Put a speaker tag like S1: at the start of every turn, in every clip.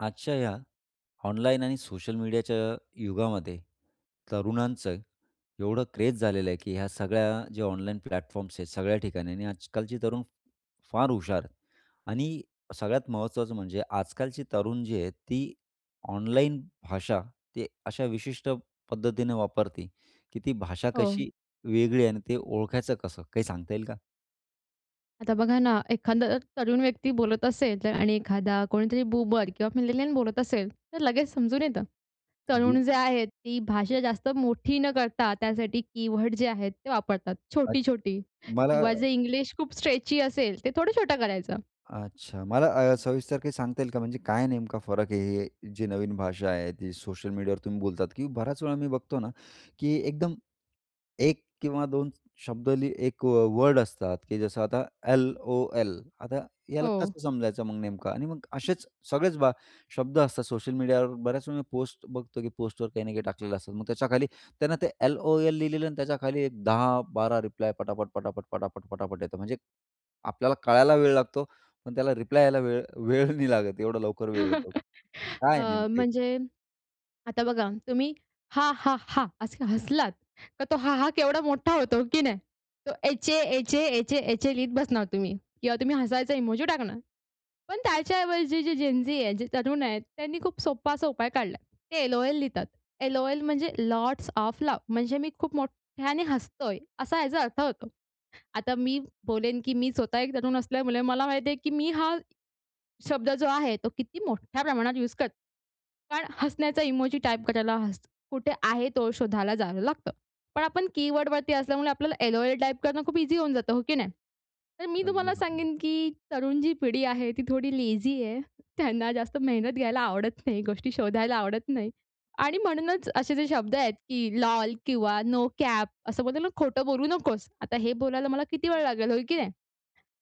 S1: आजच्या या ऑनलाईन आणि सोशल मीडियाच्या युगामध्ये तरुणांचं एवढं क्रेज झालेलं आहे की ह्या सगळ्या ज्या ऑनलाईन प्लॅटफॉर्म्स आहेत सगळ्या ठिकाणी आणि आजकालचे तरुण फ फार हुशार आणि सगळ्यात महत्त्वाचं म्हणजे आजकालचे तरुण जे आहेत, ती ऑनलाईन भाषा ते अशा विशिष्ट पद्धतीनं वापरते की ती भाषा
S2: हो.
S1: कशी वेगळी आहे आणि ते ओळखायचं कसं, काही सांगता येईल का?
S2: आता बघा ना, एखादा तरुण व्यक्ती बोलत असेल तर आणि एखादा कोणीतरी बूमर किंवा मिलेनियल बोलत असेल तर लगेच समजून येतं.
S1: बु
S2: तरुण जे आहेत ती भाषा जास्त मोठी न करता त्यासाठी कीवर्ड जे आहेत ते वापरतात.
S1: अच्छा,
S2: छोटी-छोटी
S1: मला
S2: किंवा जे इंग्लिश खूप स्ट्रेची असेल ते थोडं छोटं करायचं.
S1: अच्छा मला अ, सविस्तर काय सांगता येईल का? म्हणजे काय नेमका फरक आहे हे जे नवीन भाषा आहे, ती सोशल मीडियावर तुम्ही बोलतात की बऱ्याच वेळा मी बघतो ना, की एकदम, 1 किंवा 2 स शब्द लिह एक वर्ड असतात की जसं आता एल-ओ-एल. आता ह्याला
S2: हो.
S1: कसं समजायचं मग नेमकं? आणि मग असेच सगळेच बा, शब्द असतात सोशल मीडियावर, बऱ्याच वेळी मी पोस्ट बघतो की पोस्टवर काही ना काही टाकलेलं असतात. मग त्याच्याखाली त्यांना ते एल-ओ-एल लिहिलेलं आणि त्याच्याखाली एक 10-12 रिप्लाय पटापट, पटापट, पटापट, पटापट येतो. म्हणजे आपल्याला कळायला वेळ लागतो पण त्याला रिप्लाय यायला वेळ वेळ नाही लागत, एवढं लवकर वेळ येतो. काय
S2: अ,
S1: आहे नेमकं हे?
S2: म्हणजे आता बघा, तुम्ही हा! हा! हा! असं हसलात तर तो हा! हा! केवढा मोठा होतो, हो की नाही. तो एचए, एचए, एचए, एचए लिहीत बसणार तुम्ही किंवा तुम्ही हसायचा इमोजी टाकणार. पण त्याच्याऐवजी जी जेनझी आहे, जे तरुण आहेत त्यांनी खूप सोपा असा उपाय काढला, ते एल-ओ-एल लिहितात. एल-ओ-एल म्हणजे लॉट्स ओएफ लाफ. म्हणजे मी खूप मोठ्याने हसतोय असा ह्याचा अर्थ होतो. आता मी बोलेन की मी स्वतः एक तरुण असल्यामळे मला माहिती आहे की मी हा शब्द जो आहे तो किती मोठ्या प्रमाणात यूस करते. कारण हसण्याचा इमोजी टाइप करायला हस कुठे आहे तो शोधायला जावं लागतं. पण आपण कीवर्ड वरती असल्यामुळे आपल्याला एल-ओ-एल टाइप करणं खूप ईझी होऊन जातं, हो की नाही. तर मी
S1: अगदी
S2: तुम्हाला
S1: बरोबर.
S2: सांगेन की तरुण जी पिढी आहे ती थोडी लेझी आहे. त्यांना जास्त मेहनत घ्यायला आवडत नाही. गोष्टी शोधायला आवडत नाही आणि म्हणूनच असे जे शब्द आहेत की एल-ओ-एल किंवा नो कॅप असं बोलतो ना खोटं बोलू नकोस. आता हे बोलायला मला किती वेळ लागेल, हो की नाही.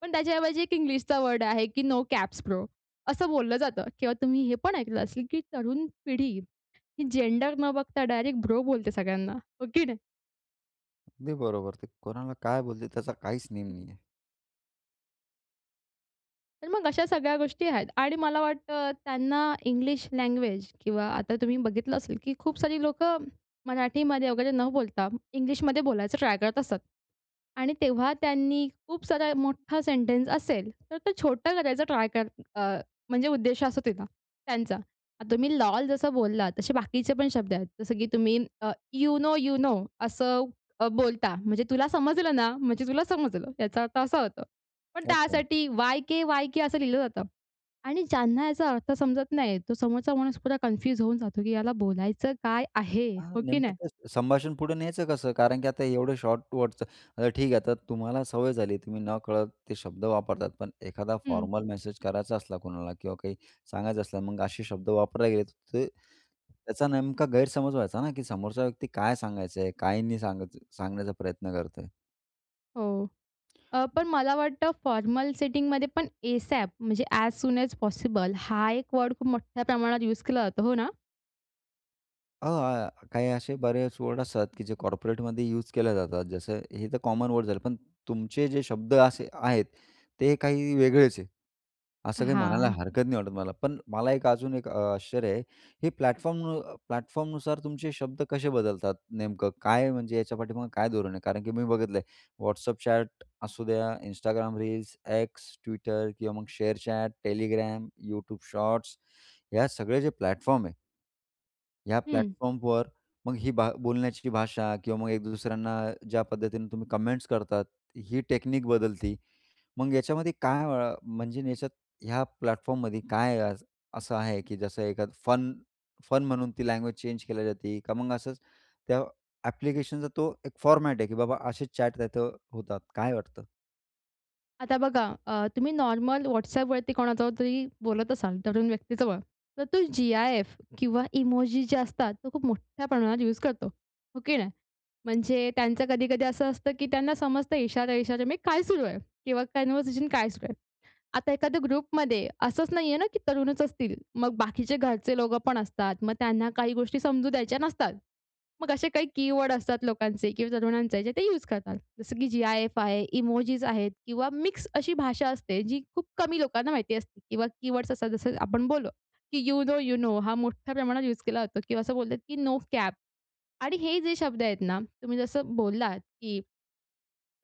S2: पण त्याच्याऐवजी एक इंग्लिशचा वर्ड आहे की नो कॅप्स ब्रो असं बोललं जातं किंवा तुम्ही हे पण ऐकलं असेल की तरुण पिढी ही जेंडर न बघता डायरेक्ट ब्रो बोलते सगळ्यांना. हो की नाही.
S1: अगदी बरोबर. ते कोणाला काय बोलते त्याचा काहीच नेम नाहीये.
S2: तर मग अशा सगळ्या गोष्टी आहेत आणि मला वाटतं त्यांना इंग्लिश लँग्वेज किंवा आता तुम्ही बघितलं असेल की खूप सारी लोकं मराठीमध्ये वगैरे न बोलता इंग्लिशमध्ये बोलायचं ट्राय करत असतात. आणि तेव्हा त्यांनी खूप सारा मोठा सेंटन्स असेल, तर ते छोटं करायचं ट्राय कर अ, म्हणजे उद्देश असा होते ना त्यांचा. तुम्ही लोल जसं बोललात तसे बाकीचे पण शब्द आहेत. जसं की तुम्ही अ, "यू नो, यू नो" असं बोलता. म्हणजे तुला समजलं ना म्हणजे तुला समजलं. याचा अर्थ असा होतो. पण
S1: अच्छा.
S2: त्यासाठी वाय-के, वाय-के असं लिहिलं जातं. आणि ज्यांना याचा अर्थ समजत नाही तो समोरचा माणूस पूरा कन्फ्यूज होऊन जातो की याला बोलायचं काय आहे?
S1: आह,
S2: हो की
S1: नेमकं
S2: नाही.
S1: ते संभाषण पुढे न्यायचं कसं? कारण की आता एवढं शॉर्ट वर्डच आता ठीक आहे आता तुम्हाला सवय झाली तुम्ही न कळत ते शब्द वापरतात. पण एखादा
S2: हं.
S1: फॉर्मल मेसेज करायचा असला कुणाला किंवा काही सांगायचं असलं मग असे शब्द वापरले गेले अ, ते त्याचा नेमका गैरसमज व्हायचा ना की समोरचा व्यक्ती काय सांगायचंय, काय नाही सांगायचा सांगण्याचा प्रयत्न करतोय?
S2: हो. अ, पण मला वाटतं फॉर्मल सेटिंगमध्ये पण एसॅप म्हणजे ऍज सून ऍज पॉसिबल हा एक वर्ड खूप मोठ्या प्रमाणात यूज केला जातो. हो ना?
S1: अ, आ, आ, काही असे बरेच वर्ड असतात की जे कॉर्पोरेटमध्ये यूज केले जातात. जसं हे तर कॉमन वर्ड झालं. पण तुमचे जे शब्द असे आहेत, ते काही वेगळेच आहेत. असं काही म्हणायला
S2: हां.
S1: हरकत नाही वाटत मला. पण मला एक अजून एक अ, आश्चर्य आहे. हे प्लॅटफॉर्म अ, प्लॅटफॉर्मनुसार तुमचे शब्द कसे बदलतात? नेमकं काय, म्हणजे याच्या पाठीमागं काय धोरण आहे? कारण की मी बघितलंय, WhatsApp चॅट असू द्या, Instagram रील्स, X, Twitter किंवा मग share chat, Telegram, YouTube shorts ह्या सगळे जे प्लॅटफॉर्म आहे ह्या
S2: हं.
S1: प्लॅटफॉर्मवर मग ही भा बोलण्याची भाषा किंवा मग एक दुसऱ्यांना ज्या पद्धतीनं तुम्ही कमेंट्स करतात, ही टेक्निक बदलती. मग याच्यामध्ये काय अ, म्हणजे याच्यात ह्या प्लॅटफॉर्ममध्ये काय अ, असं आहे? की जसं एखाद फन फन म्हणून ती लँग्वेज चेंज केली जाते, का मग असंच त्या एप्लिकेशनचा तो एक फॉर्मॅट आहे, की बाबा असे चॅट त्यात होतात काय वाटतं?
S2: आता बघा, अ तुम्ही नॉर्मल WhatsAppवरती कोणाजवळतरी बोलत असाल, तरुण व्यक्ती जवळ, तर तो जी-आय-एफ किंवा इमोजी ज्या असतात, तो खूप मोठ्या प्रमाणात यूज करतो, हो की नाही? म्हणजे त्यांचं कधी-कधी असं असतं, की त्यांना समजतं इशारो-इशारो में काय सुरू आहे किंवा कॉन्व्हर्सेशन काय सुरू आहे. आता एखाद्या ग्रुपमध्ये असंच नाही आहे ना की तरुणच असतील, मग बाकीचे घरचे लोकं पण असतात. मग त्यांना काही गोष्टी समजू द्यायच्या नसतात. मग असे काही कीवर्ड असतात लोकांचे किंवा तरुणांचे जे ते यूज करतात. जसं की जी-आय-एफ आहे, इमोजीज आहेत किंवा मिक्स अशी भाषा असते, जी खूप कमी लोकांना माहिती असते. किंवा कीवर्ड्स असतात जसं आपण बोललो, की "यू नो यू नो" हा मोठ्या प्रमाणात यूज केला जातो किंवा असं बोलतात की "नो कॅप." आणि हे जे शब्द आहेत ना, तुम्ही जसं बोललात की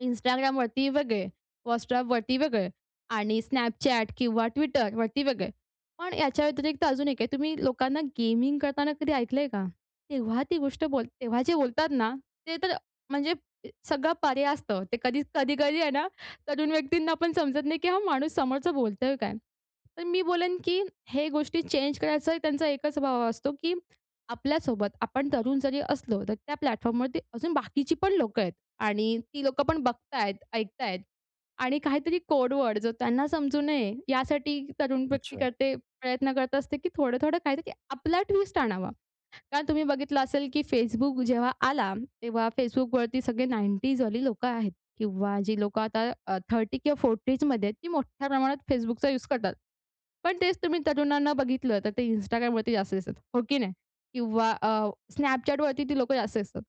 S2: Instagramवरती वेगळे, WhatsAppवरती वेगळे आणि Snapchat किंवा Twitterवरती वेगळे. पण याच्या व्यतिरिक्त अजून एक आहे तुम्ही लोकांना गेमिंग करताना कधी ऐकलंय का? तेव्हा ती गोष्ट बोल तेव्हा जे बोलतात ना, ते तर म्हणजे सगळं परे असतं. ते कधीच कधी-कधी आहे ना, तरुण व्यक्तींना पण समजत नाही की हा माणूस समोरचं बोलतोय काय! तर मी बोलेन की हे गोष्टी चेंज करायचा त्यांचा एकच भाव असतो की आपल्यासोबत, आपण तरुण जरी असलो, तर त्या प्लॅटफॉर्मवरती अजून बाकीची पण लोकं आहेत आणि ती लोकं पण बघत आहेत, ऐकत आहेत आणि काहीतरी कोड वर्ड, जो त्यांना समजू नये, यासाठी तरुण व्यक्ती
S1: अच्छा.
S2: करते, प्रयत्न करत असते की थोडं-थोडं काहीतरी आपला ट्विस्ट आणावा. कारण तुम्ही बघितलं असेल की Facebook जेव्हा आला, तेव्हा Facebookवरती सगळे 90s वाली लोकं आहेत. किंवा जे लोकं आता अ, 30 किंवा 40s मध्ये आहेत, ती मोठ्या प्रमाणात Facebookचा यूज करतात. पण तेच तुम्ही तरुणांना बघितलं, तर ते Instagramवरती जास्त दिसतात, हो की नाही? किंवा अ, Snapchatवरती ती लोकं जास्त दिसतात.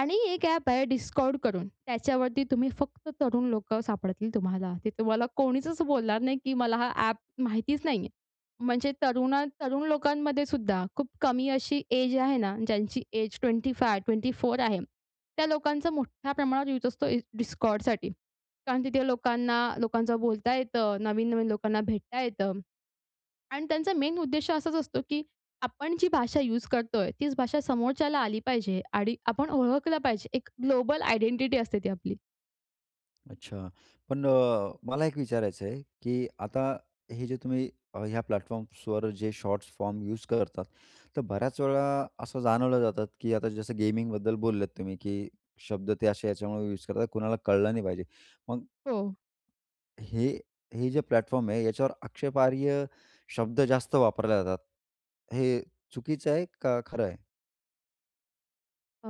S2: आणि एक ॲप आहे Discord करून, त्याच्यावरती तुम्ही फक्त तरुण लोकं सापडतील तुम्हाला. ते तुम्हाला कोणीचच बोलणार नाही की मला हा ॲप माहितीच नाही आहे. म्हणजे तरुणा तरुण लोकांमधेसुद्धा खूप कमी अशी एज आहे ना, ज्यांची एज 25 24 आहे त्या लोकांचं मोठ्या प्रमाणावर युज असतो इ Discordसाठी. कारण तिथे लोकांना लोकांचं बोलता येतं, नवीन-नवीन लोकांना भेटता येतं आणि त्यांचा मेन उद्देश असाच असतो की आपण जी भाषा यूज करतोय, तीच भाषा समोरच्याला आली पाहिजे, आणि आपण ओळखलं पाहिजे. एक ग्लोबल आयडेंटिटी असते ती आपली.
S1: अच्छा, पण अ, मला एक विचारायचं आहे, की आता हे जे तुम्ही अ, ह्या प्लॅटफॉर्म्सवर जे शॉर्ट फॉर्म यूज करतात, तर बऱ्याच वेळा असं जाणवलं जातं, की आता जसं गेमिंगबद्दल बोललेत तुम्ही, की शब्द ते असे ह्याच्यामुळं यूज करतात, कुणाला कळलं नाही पाहिजे, मग
S2: हो.
S1: हे, हे जे प्लॅटफॉर्म आहे, याच्यावर आक्षेपार्ह शब्द जास्त वापरले जातात, हे चुकीचं आहे का खरं आहे?
S2: अ,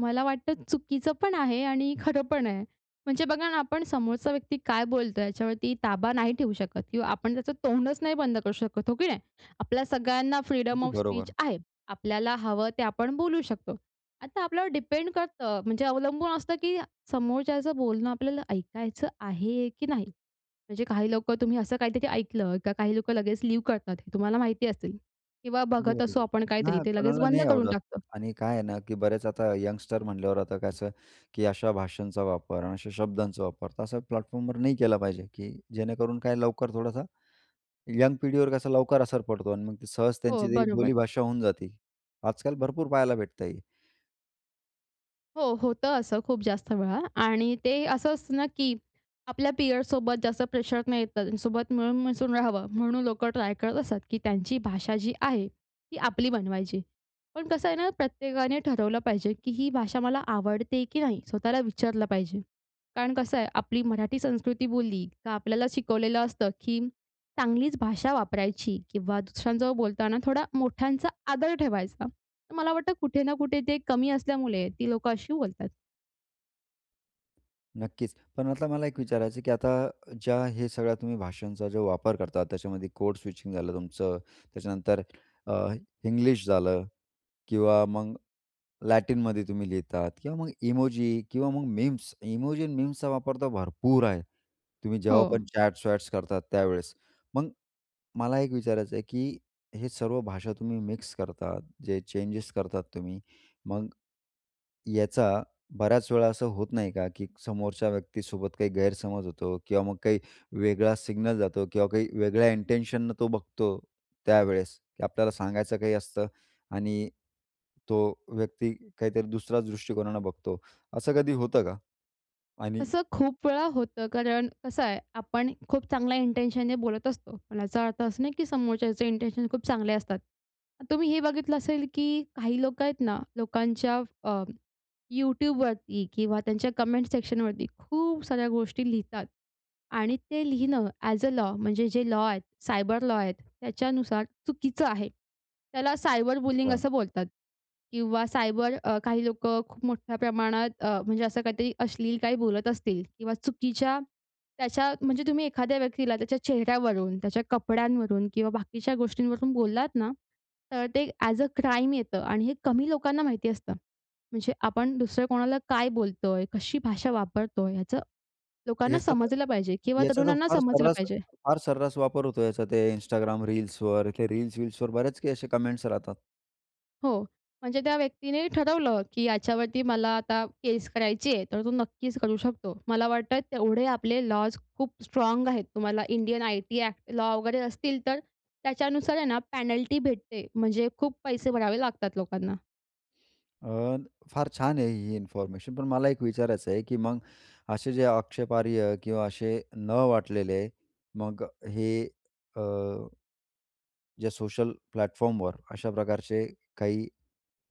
S2: मला वाटतं चुकीचं पण आहे आणि खरं पण आहे. म्हणजे बघा ना, आपण समोरचा व्यक्ती काय बोलतोय याच्यावरती ताबा नाही ठेवू शकत किंवा आपण त्याचं तोंडच नाही बंद करू शकत, हो की नाही? आपल्या सगळ्यांना फ्रीडम
S1: अगदी
S2: ऑफ स्पीच
S1: बरोबर.
S2: आहे. आपल्याला हवं ते आपण बोलू शकतो. आता आपल्यावर डिपेंड करतं, म्हणजे अवलंबून असतं, की समोरच्याचं बोलणं आपल्याला ऐकायचं आहे की नाही? म्हणजे काही लोकं, तुम्ही असं काहीतरी ऐकलं किंवा काही लोकं लगेच लीव करतात, हे तुम्हाला माहिती असेल किंवा
S1: अगदी
S2: बघत असू
S1: बरोबर.
S2: आपण काहीतरी,
S1: नाही,
S2: ते लगेच
S1: कोणाला
S2: बंद
S1: नाही
S2: करून
S1: आवडत
S2: टाकतो.
S1: आणि काय आहे ना, की बऱ्याच, आता यंगस्टर म्हटल्यावर, आता कसं, की अशा भाषांचा वापर आणि अशा शब्दांचा वापर, तर असा प्लॅटफॉर्मवर नाही केला पाहिजे, की जेणेकरून, काय, लवकर थोडासा यंग पिढीवर कसा लवकर असर पडतो आणि मग ते सहज
S2: हो,
S1: त्यांची
S2: बरोबर.
S1: बोलीभाषा होऊन जाते, आजकाल भरपूर पहायला भेटत आहे.
S2: हो, होतं असं, खूप जास्त वेळा. आणि ते असं असतं ना की आपल्या पिअरसोबत जास्त प्रेशर नाही येत. त्यांच्यासोबत मिळून मिसळून राहावं म्हणून लोकं ट्राय करत असतात, की त्यांची भाषा जी आहे ती आपली बनवायची. पण कसं आहे ना, प्रत्येकाने ठरवलं पाहिजे, की ही भाषा मला आवडते की नाही. स्वतःला विचारलं पाहिजे. कारण कसं आहे आपली मराठी संस्कृती बोलली का आपल्याला शिकवलेलं असतं की चांगलीच भाषा वापरायची किंवा दुसऱ्यांजवळ बोलताना थोडा मोठ्यांचा आदर ठेवायचा. तर मला वाटतं कुठे ना कुठे ते कमी असल्यामुळे ती लोकं अशी बोलतात.
S1: नक्कीच. पण मतलब मला एक विचारायचं आहे, की आता ज्या हे सगळ्या तुम्ही भाषांचा जो वापर करता, त्याच्यामध्ये कोड स्विचिंग झालं तुमचं, त्याच्यानंतर अ, इंग्लिश झालं किंवा मग लॅटिनमध्ये तुम्ही लिहितात किंवा मग इमोजी किंवा मग मीम्स इमोजी अन् मीम्सचा वापर तर भरपूर आहे. तुम्ही जेव्हा
S2: हो.
S1: पण चॅट्स-वॅट्स करतात त्यावेळेस. मग मला एक विचारायचं आहे, की हे सर्व भाषा तुम्ही मिक्स करतात, जे चेंजेस करतात तुम्ही, मग याचा बऱ्याच वेळा असं होत नाही का की समोरच्या व्यक्तीसोबत काही गैरसमज होतो किंवा मग काही वेगळा सिग्नल जातो किंवा काही वेगळ्या इन्टेंशननं तो बघतो त्यावेळेस की आपल्याला सांगायचं काही असतं आणि तो व्यक्ती काहीतरी दुसऱ्याच दृष्टिकोनाने बघतो, असं कधी होतं का? आणि
S2: असं खूप वेळा होतं, कारण कसं आहे आपण खूप चांगल्या इन्टेंशनने बोलत असतो. पण याचा अर्थ असा नाही की समोरच्याचे इन्टेंशन खूप चांगले असतात. तुम्ही हे बघितलं असेल की काही लोकं आहेत ना, लोकांच्या अ, YouTubeवरती किंवा त्यांच्या कमेंट सेक्शनवरती खूप साऱ्या गोष्टी लिहितात आणि ते लिहिणं ॲज अ लॉ म्हणजे जे लॉ आहे, सायबर लॉ आहेत, त्याच्यानुसार चुकीचं आहे. त्याला सायबर बुलिंग
S1: अच्छा.
S2: असं बोलतात किंवा सायबर अ, काही लोकं खूप मोठ्या प्रमाणात अ, म्हणजे असं काहीतरी अश्लील काही बोलत असतील किंवा चुकीच्या त्याच्या म्हणजे तुम्ही एखाद्या व्यक्तीला त्याच्या चेहऱ्यावरून, त्याच्या कपड्यांवरून किंवा बाकीच्या गोष्टींवरून बोललात ना, तर ते ॲज अ क्राईम येतं आणि हे कमी लोकांना माहिती असतं. म्हणजे आपण दुसऱ्या कोणाला काय बोलतोय, कशी भाषा वापरतोय, ह्याचं लोकांना
S1: याचा त
S2: समजलं पाहिजे किंवा
S1: याचा तर
S2: तरुणांना
S1: फार
S2: समजलं
S1: सर्रास
S2: पाहिजे.
S1: फार सर्रास वापर होतो याचा ते Instagram रील्सवर. ते रील्स-वील्सवर बऱ्याच काही असे कमेंट्स राहतात.
S2: हो. म्हणजे त्या व्यक्तीने ठरवलं, की याच्यावरती मला आता केस करायची आहे, तर तो नक्कीच करू शकतो. मला वाटतं, तेवढे आपले लॉज खूप स्ट्राँग आहेत. तुम्हाला इंडियन आयटी ॲक्ट लॉ वगैरे असतील, तर त्याच्यानुसार आहे ना पॅनल्टी भेटते, म्हणजे खूप पैसे भरावे लागतात लोकांना.
S1: अ, फार छान आहे ही इन्फॉर्मेशन, पण मला एक विचारायचं आहे, की मग असे जे आक्षेपार्ह किंवा असे न वाटलेले, मग हे अ जे सोशल प्लॅटफॉर्मवर अशा प्रकारचे काही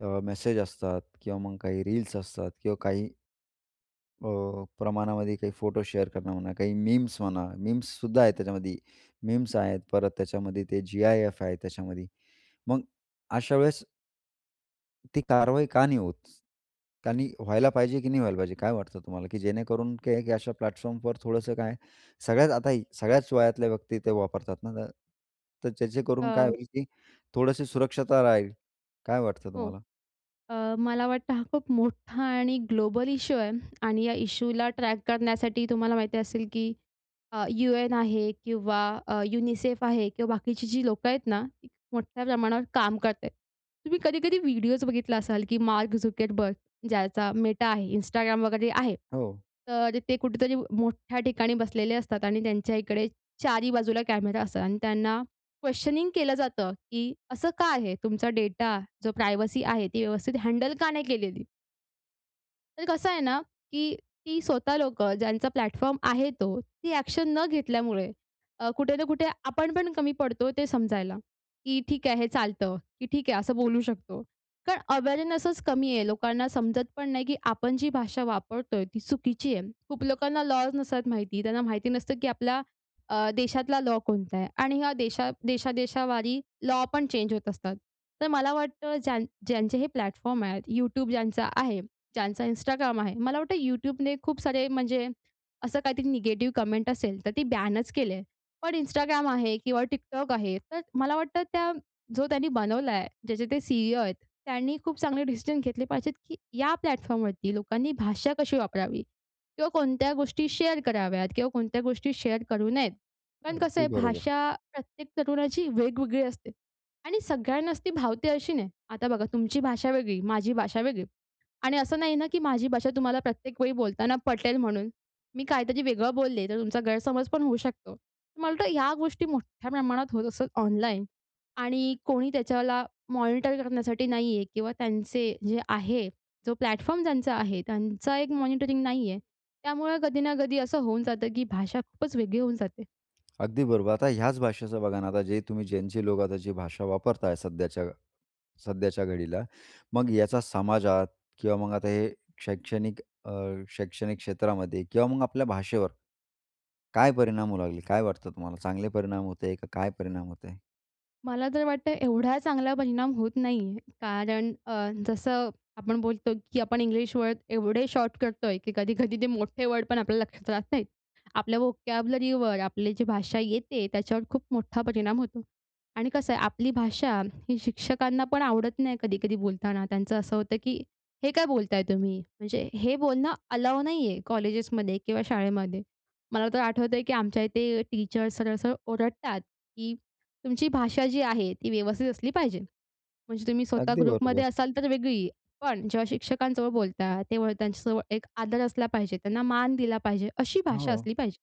S1: अ, मेसेज असतात किंवा मग काही रील्स असतात, किंवा काही अ, प्रमाणामध्ये काही फोटो शेअर करणं म्हणा, काही मीम्स म्हणा, मीम्ससुद्धा आहे त्याच्यामध्ये. मीम्स आहेत, परत त्याच्यामध्ये ते जी-आय-एफ आहे, त्याच्यामध्ये. मग अशा वेळेस ती कारवाई का नाही होत? कारण ही व्हायला पाहिजे की नाही व्हायला पाहिजे? काय वाटतं तुम्हाला? की जेणेकरून की एक अशा प्लॅटफॉर्मवर थोडंसं काय सगळ्यात, आता हे सगळ्याच वयातल्या व्यक्ती ते वापरतात ना, तर त्याचे करून काय
S2: अ,
S1: होईल, की थोडीशी सुरक्षता राहील. काय वाटतं
S2: हो.
S1: तुम्हाला?
S2: अ, मला वाटतं, हा खूप मोठा आणि ग्लोबल इश्यू आहे आणि या इश्यूला ट्रॅक करण्यासाठी, तुम्हाला माहिती असेल, की अ, UN आहे किंवा अ, UNICEF आहे किंवा बाकीची जी लोकं आहेत ना, ती मोठ्या प्रमाणावर काम करत आहेत. तुम्ही कधी-कधी व्हिडिओज बघितला असाल, की मार्क झुकरबर्ग, ज्याचा Meta आहे, Instagram वगैरे आहे,
S1: हो.
S2: तर ते कुठेतरी मोठ्या ठिकाणी बसलेले असतात आणि त्यांच्या इकडे चारही बाजूला कॅमेरा असतात आणि त्यांना क्वेशनिंग केलं जातं, की असं का आहे? तुमचा डेटा, जो प्रायव्हसी आहे, ती व्यवस्थित हँडल का नाही केलेली? तर कसं आहे ना, की ती स्वतः लोकं ज्यांचा प्लॅटफॉर्म आहे तो. ती ॲक्शन न घेतल्यामुळे अ, कुठे ना कुठे आपण पण कमी पडतो, ते समजायला. की "ठीक आहे, हे चालतं," की "ठीक आहे, असं बोलू शकतो." कारण अवेअरनेसच कमी आहे. लोकांना समजत पण नाही की आपण जी भाषा वापरतोय, ती चुकीची आहे. खूप लोकांना लॉज नसतात माहिती. त्यांना माहिती नसतं की आपला अ, देशातला लॉ कोणता आहे. आणि ह्या देशात देशादेशावारी लॉ पण चेंज होत असतात. तर मला वाटतं ज्यां ज्यांचे हे प्लॅटफॉर्म आहेत, YouTube ज्यांचा आहे, ज्यांचा Instagram आहे. मला वाटतं YouTubeने खूप सारे म्हणजे असं काहीतरी निगेटिव्ह कमेंट असेल, तर ते बॅनच केली आहे. पण Instagram आहे किंवा TikTok आहे. तर अ, मला वाटतं त्या जो त्यांनी बनवला आहे, ज्याचे ते सी-ई-ओ आहेत, त्यांनी खूप चांगले डिसिजन घेतले पाहिजेत, की या प्लॅटफॉर्मवरती लोकांनी भाषा कशी वापरावी किंवा कोणत्या गोष्टी शेअर कराव्यात किंवा कोणत्या गोष्टी शेअर करू नयेत. कारण कसं
S1: अगदी
S2: आहे
S1: बरोबर.
S2: भाषा प्रत्येक तरुणाची वेगवेगळी असते आणि सगळ्यांनाच ती भावते अशी नाही. आता बघा तुमची भाषा वेगळी, माझी भाषा वेगळी आणि असं नाही ना, की माझी भाषा तुम्हाला प्रत्येक वेळी बोलताना पटेल म्हणून. मी काहीतरी वेगळं बोलले, तर तुमचा गैरसमज पण होऊ शकतो. तर मला वाटतं या गोष्टी मोठ्या प्रमाणात होत असतात ऑनलाईन. आणि कोणी त्याच्याला मॉनिटर करण्यासाठी नाही आहे किंवा त्यांचे जे आहे, जो प्लॅटफॉर्म ज्यांचा आहे, त्यांचं एक मॉनिटरिंग नाही आहे. त्यामुळं कधी ना कधी असं होऊन जातं की भाषा खूपच वेगळी होऊन जाते.
S1: अगदी बरोबर. आता ह्याच भाषेचं बघा ना, आता जे तुम्ही ज्यांचे लोक भाषा वापरताय सध्याच्या सध्याच्या घडीला. मग याचा समाजात किंवा मग आता हे शैक्षणिक अ, शैक्षणिक क्षेत्रामध्ये किंवा मग आपल्या भाषेवर, काय परिणाम होऊ लागले? काय वाटतं तुम्हाला? चांगले परिणाम होताहेत का काय परिणाम होताहेत?
S2: मला तर वाटतं एवढा चांगला परिणाम होत नाही, कारण अ, जसं आपण बोलतो की आपण इंग्लिश वर्ड एवढे शॉर्ट करतोय की कधी-कधी ते मोठे वर्ड पण आपल्याला लक्षात राहत नाहीत. आपल्या व्होकॅब्युलरीवर आपली जी भाषा येते त्याच्यावर खूप मोठा परिणाम होतो. आणि कसं आहे आपली भाषा ही शिक्षकांना पण आवडत नाही कधी-कधी बोलताना. त्यांचं असं होतं, की हे काय बोलताय तुम्ही? म्हणजे हे बोलणं अलाऊ नाही आहे, कॉलेजेसमध्ये किंवा शाळेमध्ये. मला तर आठवतंय की आमच्या इथे टीचर सरळ-सरळ ओरडतात, की "तुमची भाषा जी आहे ती व्यवस्थित असली पाहिजे." म्हणजे तुम्ही स्वतः
S1: अगदी बरोबर.
S2: ग्रुपमध्ये असाल तर वेगळी, पण जेव्हा शिक्षकांजवळ बोलता तेव्हा त्यांच्याजवळ एक आदर असला पाहिजे, त्यांना मान दिला पाहिजे अशी भाषा
S1: हो.
S2: असली पाहिजे.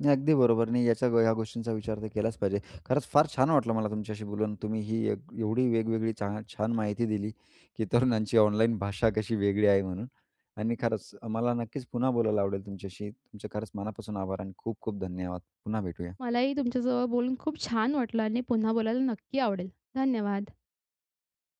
S1: नाही, अगदी बरोबर. नाही, याच्या ह्या गोष्टींचा विचार तर केलाच पाहिजे खरंच फार छान वाटलं मला तुमच्याशी बोलून. तुम्ही ही एवढी वेगवेगळी छा छान माहिती दिली की तरुणांची ऑनलाईन भाषा कशी वेगळी आहे म्हणून आणि खरंच मला नक्कीच पुन्हा बोलायला आवडेल तुमच्याशी. तुमचे खरंच मनापासून आभार. आणि खूप-खूप धन्यवाद. पुन्हा भेटूया.
S2: मलाही तुमच्यासोबत बोलून खूप छान वाटलं आणि पुन्हा बोलायला नक्की आवडेल. धन्यवाद.